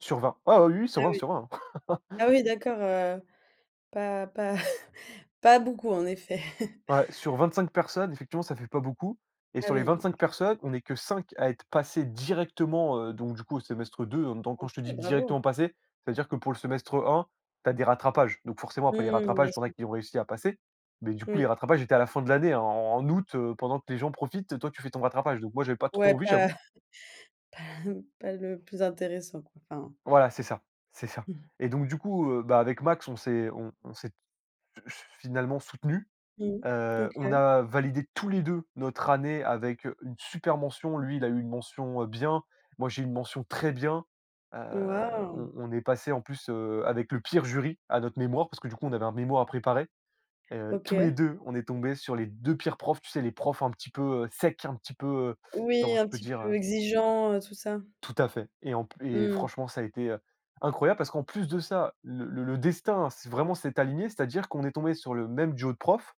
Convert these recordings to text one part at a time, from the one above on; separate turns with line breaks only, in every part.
Sur 20. Ah, oui, oui, sur
Oui,
20,
oui.
sur 20, hein.
Ah oui d'accord, heu, pas pas pas beaucoup, en effet.
Ouais, sur 25 personnes, effectivement, ça fait pas beaucoup et
Ah
sur les
oui, non.
25 personnes, on est que 5 à être passés directement, heu, donc du coup, au semestre 2. Heu, donc quand
OK.
je te dis:
Bravo!
«directement passer», c'est-à-dire que pour le semestre 1, tu as des rattrapages. Donc forcément, après les
Mmh. Bien
rattrapages, tu en as
sûr.
qui ont réussi à passer. Mais du coup, les
Oui.
rattrapages étaient à la fin de l'année, hein, en en août, heu, pendant que les, gens profitent et toi, tu fais ton rattrapage. Donc moi, j'avais pas trop
Ouais,
envie,
pas
j'avoue.
Pas, hem, pas le plus intéressant, quoi, enfin
Voilà, c'est ça. C'est ça.
Mmh.
Et donc du coup, heu, bah, avec Max, on s'est on on s'est, heu, f finalement soutenus.
Mmh.
Heu, on
OK.
a validé tous les 2 notre année avec, heu, une super mention. Lui, il a eu une mention, heu, bien, moi j'ai eu une mention très bien. Heu,
Waouh!
on on est passés, en plus, heu, avec le pire jury à notre mémoire parce que, du coup, on avait un mémoire à préparer. Heu, tous les
OK.
2, on est tombés sur les 2 pires profs. Tu sais les profs un petit peu, heu, secs, un petit peu, heu,
Oui,
comment je
un
peux
petit
dire, heu?
peu exigeants, heu, tout ça.
Tout à fait. Et en p et
Mmh mh.
franchement ça a été, heu, incroyable parce qu'en plus de ça, le le destin s'est vraiment s'est aligné. C'est-à-dire qu'on est tombés sur le même duo de profs,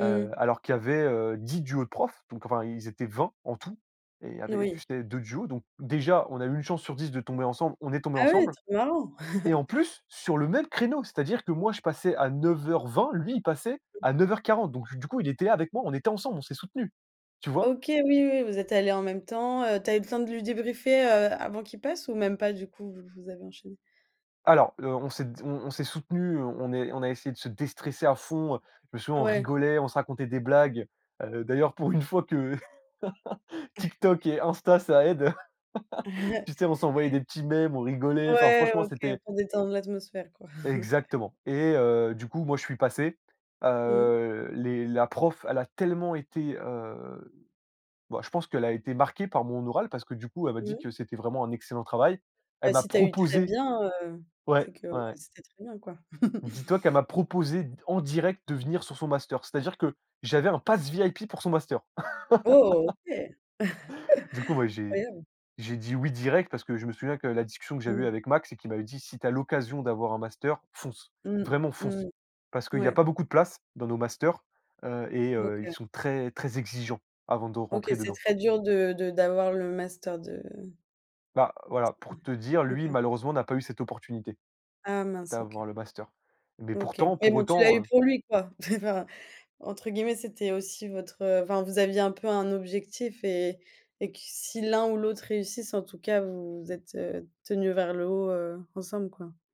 heu, alors qu'il y avait, heu, 10 duos de profs. Donc enfin, ils étaient 20 en tout et il y
Eh
avait,
oui.
tu sais, 2 duos. Donc déjà, on a eu 1 chance sur 10 de tomber ensemble, on est tombés
Ah, oui,
ensemble
trop marrant.
et en plus, sur le même créneau, c'est-à-dire que moi, je passais à 09:20, lui il passait
Oui.
à 09:40. Donc du coup, il était là avec moi, on était ensemble, on s'est soutenus. Tu vois?
OK. Oui, oui, vous êtes allés en même temps, heu. Tu as eu le temps de lui débriefer, heu, avant qu'il passe ou même pas, du coup? Vous vous avez enchaîné?
Alors, heu, on s'est d on on s'est soutenus, heu, on on est on a essayé de se déstresser à fond, heu. Je me souviens, on
Ouais.
rigolait. On se racontait des blagues. Heu, d'ailleurs, pour une fois que TikTok et Insta, ça aide. Tu sais, on s'envoyait des petits mèmes, on rigolait. Enfin,
Ouais.
franchement,
OK
c'était
pour détendre l'atmosphère, quoi.
Exactement. Et heu, du coup, moi, je suis passé,
Mmh.
heu, les la prof, elle a tellement été, heu, bah, je pense qu'elle a été marquée par mon oral parce que, du coup, elle m'a dit
Mmh.
que c'était vraiment un excellent travail.
Bah,
Elle m'a
si tu as eu «très
proposé
bien», heu,
Ouais.
c'est que,
Ouais,
bah,
ouais.
c'était très bien, quoi.
Dis-toi qu'elle m'a proposé, en direct, de venir sur son master. C'est-à-dire que j'avais un pass VIP pour son master.
Oh! OK.
Du coup, bah, j'ai
Incroyable!
j'ai dit oui direct parce que je me souviens que la discussion que j'avais eue
Mmh.
avec Max et qu'il m'avait dit: «Si tu as l'occasion d'avoir un master, fonce,
Mmh.
vraiment
Mmh,
fonce», parce qu'il y a
ouais.
pas beaucoup de places dans nos masters, heu et heu, ils
OK.
sont très, très exigeants avant de
OK,
rentrer
c'est
dedans.
très dur de de d'avoir le master de
Bah, voilà,
Ouais,
pour te dire, lui,
OK.
malheureusement n'a pas eu cette opportunité
Ah mince,
d'avoir
OK.
le master. Mais
OK.
pourtant,
Mais
pour
bon, tu l'as eu
autant, heu
pour lui, quoi. Entre guillemets, c'était aussi votre heu, enfin, vous aviez un peu un objectif et et que si l'un ou l'autre réussisse, en tout cas, vous vous êtes, heu, tenus vers le haut, heu, ensemble, quoi.